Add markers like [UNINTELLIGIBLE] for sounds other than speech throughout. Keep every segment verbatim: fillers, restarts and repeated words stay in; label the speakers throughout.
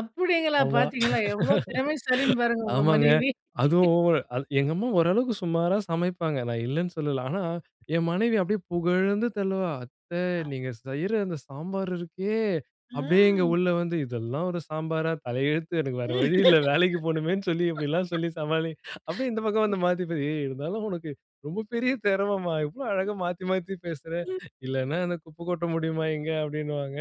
Speaker 1: அப்படீங்களா!
Speaker 2: ஆமா.
Speaker 1: பார்த்தீங்களா எவ்வளோ திறமைசாலின்னு பாருங்க உங்க
Speaker 2: ஆமாங்க,
Speaker 1: மனைவி.
Speaker 2: அதுவும் ஓவர். எங்க அம்மா ஓரளவுக்கு சுமாரா சமைப்பாங்க. நான் இல்லைன்னு சொல்லல. ஆனா என் மனைவி அப்படியே புகழ்ந்து தள்ளுவா. "அத்தை
Speaker 1: ஆ.
Speaker 2: நீங்க செய்ற அந்த சாம்பார் இருக்கே." அப்படியே இங்க
Speaker 1: ம்.
Speaker 2: உள்ள வந்து இதெல்லாம் ஒரு சாம்பாரா? தலையெழுத்து. எனக்கு வேற வழி இல்லை. வேலைக்கு போணுமேன்னு சொல்லி, இப்படிலாம் சொல்லி சமாளி." அப்படியே இந்த பக்கம்
Speaker 1: [LAUGHS]
Speaker 2: வந்து மாத்திப்பா. ஏய்! இருந்தாலும் உனக்கு ரொம்ப பெரிய திறமைம்மா. இவ்வளோ
Speaker 1: ம்.
Speaker 2: அழகா மாத்தி, மாத்தி பேசுற."
Speaker 1: ம்.
Speaker 2: "இல்லைன்னா அந்த குப்பை கொட்ட முடியுமா இங்க." அப்படீன்னுவாங்க.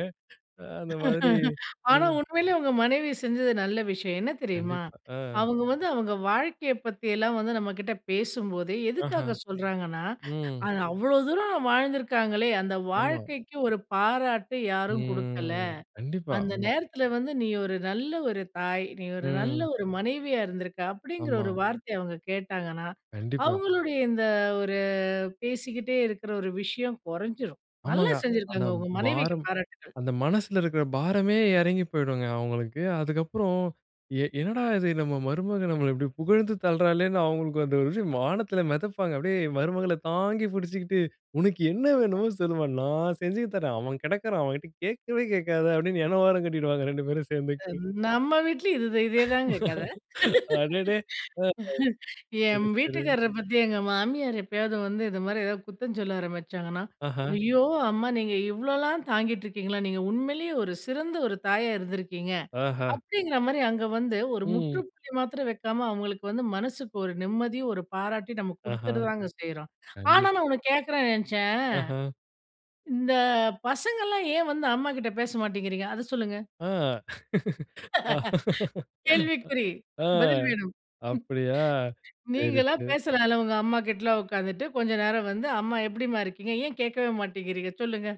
Speaker 2: அந்த மாதிரி
Speaker 1: [LAUGHS] ஆனா
Speaker 2: நீங்
Speaker 1: உண்மையிலே உங்க மனைவி செஞ்சது நல்ல விஷயம். என்ன தெரியுமா?
Speaker 2: கண்டிப்பா. அ.
Speaker 1: அவங்க வந்து அவங்க வாழ்க்கையை பத்தியெல்லாம் வந்து நம்மகிட்ட பேசும்போது
Speaker 2: ஆஹா.
Speaker 1: எதுக்காக சொல்றாங்கன்னா,
Speaker 2: ம்.
Speaker 1: அது அவ்வளோ தூரம் வாழ்ந்துருக்காங்களே, அந்த
Speaker 2: ஆமா.
Speaker 1: வாழ்க்கைக்கு ஒரு பாராட்டு யாரும் குடுக்கல.
Speaker 2: ம். கண்டிப்பா,
Speaker 1: அந்த
Speaker 2: ஆமா.
Speaker 1: நேரத்தில வந்து, "நீ ஒரு நல்ல ஒரு தாய். நீ ஒரு நல்ல
Speaker 2: ம்.
Speaker 1: ஒரு மனைவியா இருந்திருக்க." அப்படீங்கிற ஒரு
Speaker 2: ஆமா.
Speaker 1: வார்த்தையை அவங்க கேட்டாங்கன்னா,
Speaker 2: கண்டிப்பா.
Speaker 1: அவங்களுடைய இந்த ஒரு பேசிக்கிட்டே இருக்கிற ஒரு விஷயம் கொறைஞ்சிரும். நல்லா
Speaker 2: ஆமாங்க. அந்த
Speaker 1: செஞ்சிருக்காங்க. உங்க மனைவிக்கு
Speaker 2: பாரம்,
Speaker 1: பாராட்டுகள்.
Speaker 2: அந்த மனசுல இருக்கிற பாரமே இறங்கி போய்டுங்க அவங்களுக்கு. அதுக்கப்பறம், எ என்னடா இது நம்ம மருமகள் நம்மள இப்படி புகழ்ந்து தள்ளுறாளேன்னு, அவங்களுக்கு அந்த ஒரு இது வானத்தில மெதப்பாங்க. அப்படியே மருமகளை தாங்கி புடிச்சுக்கிட்டு, "உனக்கு என்ன
Speaker 1: [UNINTELLIGIBLE]
Speaker 2: வேணுமோ சொல்லும்மா. நான் செஞ்சு தர்றேன். அவன் கெடக்கிறான். அவன்கிட்ட கேட்கவே கேட்காத." அப்படீன்னு என்ன ஓரம் கட்டிடுவாங்க ரெண்டு பேரும் சேர்ந்துட்டு.
Speaker 1: அம் நம்ம வீட்டுலயும் இதுதே இதேதாங்க கதை.
Speaker 2: அடேடே! [UNINTELLIGIBLE]
Speaker 1: [LAUGHS]
Speaker 2: சரி,
Speaker 1: என்
Speaker 2: சரி.
Speaker 1: வீட்டுக்காரரை பத்தி எங்க மாமியார் எப்பயாவது வந்து இது மாரி ஏதாவது குத்தம் சொல்ல ஆரம்பிச்சாங்கன்னா,
Speaker 2: ஆஹ.
Speaker 1: "ஐயோ! அம்மா! நீங்க இவ்வளோலாம் தாங்கிட்டு இருக்கீங்களா? நீங்க உண்மையிலே ஒரு சிறந்த ஒரு தாயா இருந்துருக்கீங்க."
Speaker 2: ஆஹ.
Speaker 1: அப்படீங்கிற மாரி அங்க வந்து ஒரு
Speaker 2: ம்.
Speaker 1: முற்றுப்புள்ளி மாத்திரம் வைக்காம, அவங்களுக்கு வந்து மனசுக்கு ஒரு நிம்மதி ஒரு பாராட்டி நம்ம
Speaker 2: ஆஹா.
Speaker 1: குடுத்துடதாங்க செய்றோம். ஆனா நான்
Speaker 2: கண்டிப்பா.
Speaker 1: ஒண்ணு கேட்கறேன்ன்னு நெனைச்சேன்.
Speaker 2: ஆஹ.
Speaker 1: இந்த பசங்கல்லாம் ஏன் வந்து அம்மா கிட்ட பேச மாட்டேங்கிறீங்க? அத சொல்லுங்க.
Speaker 2: ஆ.
Speaker 1: கேள்விக்குறி.
Speaker 2: ஆ.
Speaker 1: பதில் வேணும்.
Speaker 2: அப்படியா! சரி,
Speaker 1: நீங்களா
Speaker 2: சரி.
Speaker 1: பேசலாம்ல்ல. உங்க அம்மா கிட்டலாம் உட்கார்ந்துட்டு கொஞ்ச நேரம் வந்து, "அம்மா எப்படீம்மா இருக்கீங்க?" ஏன் கேட்கவே மாட்டேங்குறீங்க, சொல்லுங்க?